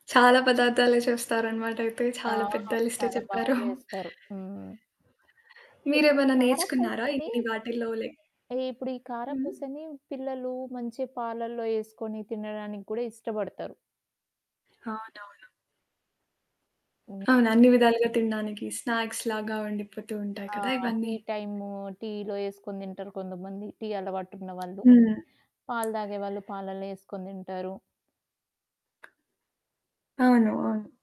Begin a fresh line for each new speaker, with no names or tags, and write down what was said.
చాలా పదార్థాలే చూస్తారనమాటయితే,
ఆ!
చాలా పెద్ద లిస్టే
చాలా బాగా
చెప్పారు.
చేస్తారు. హ్మ్. ఇప్పుడీ
మీరేమైనా నేర్చుకున్నారా,
కారప్పూసని,
ఇన్ని వాటిల్లో లే
ఇ ఇప్పుడు ఈ
హ్మ్.
కారప్పూసని, పిల్లలు మంచి పాలల్లో ఏసుకొని, తినడానికి కూడా ఇష్టపడతారు.
అవునవును.
హ్మ్.
అవును. అన్ని విధాలుగా తినడానికి. స్నాక్స్‌లాగా వండిపోతూ ఉంటాయి
ఆ!
కదా!
టీ
ఇవన్నీ.
టైము, టీలో ఏసుకొని తింటరు కొంతమంది. టీ అలవాటున్నవాళ్ళు.
హ్మ్.
పాలు తాగేవాళ్ళు పాలల్లో ఏసుకొని తింటారు.
అవును. అవును.